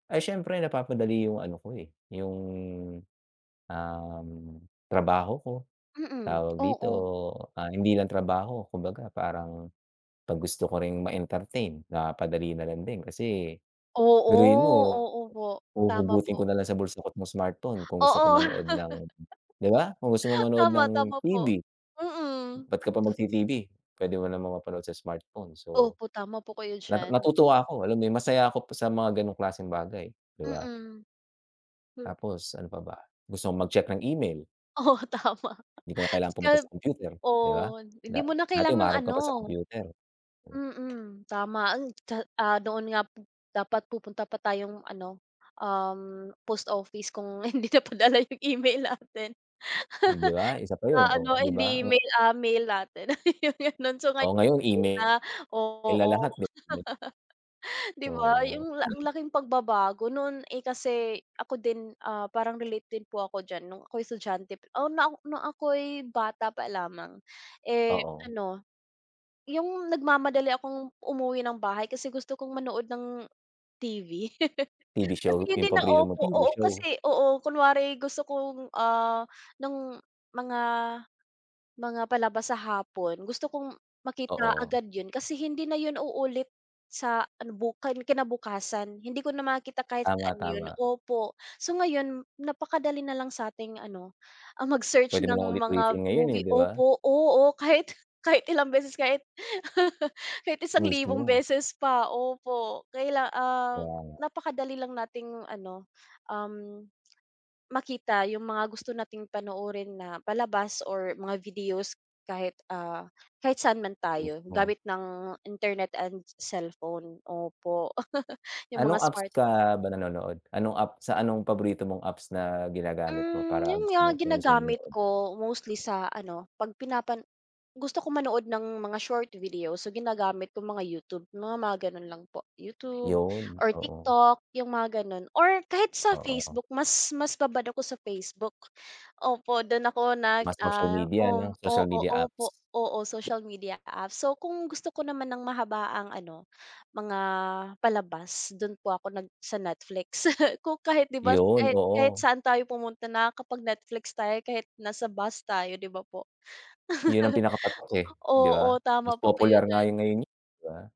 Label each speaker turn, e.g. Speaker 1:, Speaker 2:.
Speaker 1: Ay, siyempre napapadali yung ano ko, eh, yung, um, trabaho ko.
Speaker 2: Mm,
Speaker 1: Tawag dito,
Speaker 2: oo.
Speaker 1: ah, hindi lang trabaho, kumbaga parang, pag gusto ko ring ma-entertain na padali na lang din kasi,
Speaker 2: Oo,
Speaker 1: biruin mo,
Speaker 2: oo, po. Tama
Speaker 1: huhugutin ko
Speaker 2: po.
Speaker 1: na lang sa bulsa ko at yung smartphone kung gusto ko
Speaker 2: Oo.
Speaker 1: manood ng, 'di ba? Kung gusto mo manood
Speaker 2: Tama,
Speaker 1: ng
Speaker 2: tama po.
Speaker 1: TV.
Speaker 2: Mm.
Speaker 1: Ba't ka pa mag-TV, puwede mo naman mapanood sa smartphone so,
Speaker 2: Opo, tama po kayo
Speaker 1: na
Speaker 2: diyan.
Speaker 1: natutuwa ako alam mo 'yon masaya ako sa mga ganong klaseng bagay 'di ba?
Speaker 2: Mm. M
Speaker 1: Tapos ano pa ba, gusto mong mag-check ng email.
Speaker 2: Oo, tama.
Speaker 1: 'Di ko na kailangan pumunta sa
Speaker 2: [unintelligible]
Speaker 1: kompyuter, 'di ba?
Speaker 2: Oh, hindi mo na
Speaker 1: Dati
Speaker 2: kailangang
Speaker 1: humaharap ka pa sa
Speaker 2: ano
Speaker 1: kompyuter.
Speaker 2: mm, tama. Hmm, tsa ah, doon nga po dapat pupunta pa tayong ano, um, post office kung hindi napadala 'yong email natin.
Speaker 1: 'Di ba isa pa yun
Speaker 2: Ah,
Speaker 1: oh,
Speaker 2: ano,
Speaker 1: 'di ba?
Speaker 2: hindi
Speaker 1: Ang
Speaker 2: email, ah, mail natin. Ganon so
Speaker 1: Oh,
Speaker 2: ngayon
Speaker 1: ngayon email.
Speaker 2: na
Speaker 1: sila
Speaker 2: oo.
Speaker 1: lahat di
Speaker 2: 'Di ba,
Speaker 1: So,
Speaker 2: 'yung ang
Speaker 1: ayun.
Speaker 2: laking pagbabago, no'n, eh, kasi ako din ,ah, parang relate din po ako diyan nung ako'y estudyante, oh, na nung ako'y bata pa lamang. Eh,
Speaker 1: Oo.
Speaker 2: ano, yung nagmamadali akong umuwi ng bahay kasi gusto kong manood ng TV.
Speaker 1: TV show,
Speaker 2: Kasi hindi
Speaker 1: yung
Speaker 2: na
Speaker 1: paborito mong
Speaker 2: opo
Speaker 1: TV
Speaker 2: oo,
Speaker 1: show.
Speaker 2: kasi oo, kunwari gusto kong, ah, nung mga mga palabas sa hapon, gusto kong makita
Speaker 1: Oo.
Speaker 2: agad yun kasi hindi na yun uulit sa ano bu kinabukasan. Hindi ko na makita kahit
Speaker 1: Tama,
Speaker 2: saan yun
Speaker 1: tama.
Speaker 2: opo, so ngayon napakadali na lang sa'ting ano, ang mag-search
Speaker 1: Puwede
Speaker 2: ng
Speaker 1: mo ng
Speaker 2: mga
Speaker 1: ulit-ulitin ngayon eh,
Speaker 2: movie
Speaker 1: 'di ba?
Speaker 2: opo, oo, kahit kahit ilang beses kahit. Kahit 1,000
Speaker 1: Mismo.
Speaker 2: beses pa opo kaila ah,
Speaker 1: Kaya nga.
Speaker 2: napakadali lang nating ano, um, makita yung mga gusto nating panoorin na palabas or mga videos, kahit ah, kahit saan man tayo,
Speaker 1: Mismo.
Speaker 2: gamit ng internet and cellphone, opo yung mga
Speaker 1: Anong apps
Speaker 2: smart
Speaker 1: ka ba nanonood? Anong app, sa anong paborito mong apps na ginagamit mo
Speaker 2: Hmm,
Speaker 1: para
Speaker 2: yun
Speaker 1: gusto
Speaker 2: nga,
Speaker 1: mong, kung gusto mong
Speaker 2: ginagamit
Speaker 1: manood?
Speaker 2: ko, mostly sa ano, pag pinapan gusto ko manood ng mga short video, so ginagamit ko mga YouTube, mga mga gano'n lang po YouTube
Speaker 1: Yun,
Speaker 2: or
Speaker 1: oo.
Speaker 2: TikTok, yung mga ganun or kahit sa
Speaker 1: Oo.
Speaker 2: Facebook mas mas babad ako sa Facebook, opo, dun ako nag
Speaker 1: Mga social
Speaker 2: ah
Speaker 1: media
Speaker 2: oo
Speaker 1: 'no? Social
Speaker 2: oo,
Speaker 1: media apps.
Speaker 2: opo, oo social media apps, so kung gusto ko naman ng mahabaang ano, mga palabas dun po ako nag sa Netflix, kung kahit 'di ba
Speaker 1: Yun,
Speaker 2: kahit kahit
Speaker 1: oo.
Speaker 2: saan tayo pumunta nakakapag-Netflix tayo kahit nasa bus tayo 'di ba, po?
Speaker 1: Yun ang pinaka-patok, eh, 'di ba?
Speaker 2: Oo,
Speaker 1: Mas
Speaker 2: tama po kayo
Speaker 1: popular nga
Speaker 2: diyan.
Speaker 1: yun ngayon, eh, 'di ba?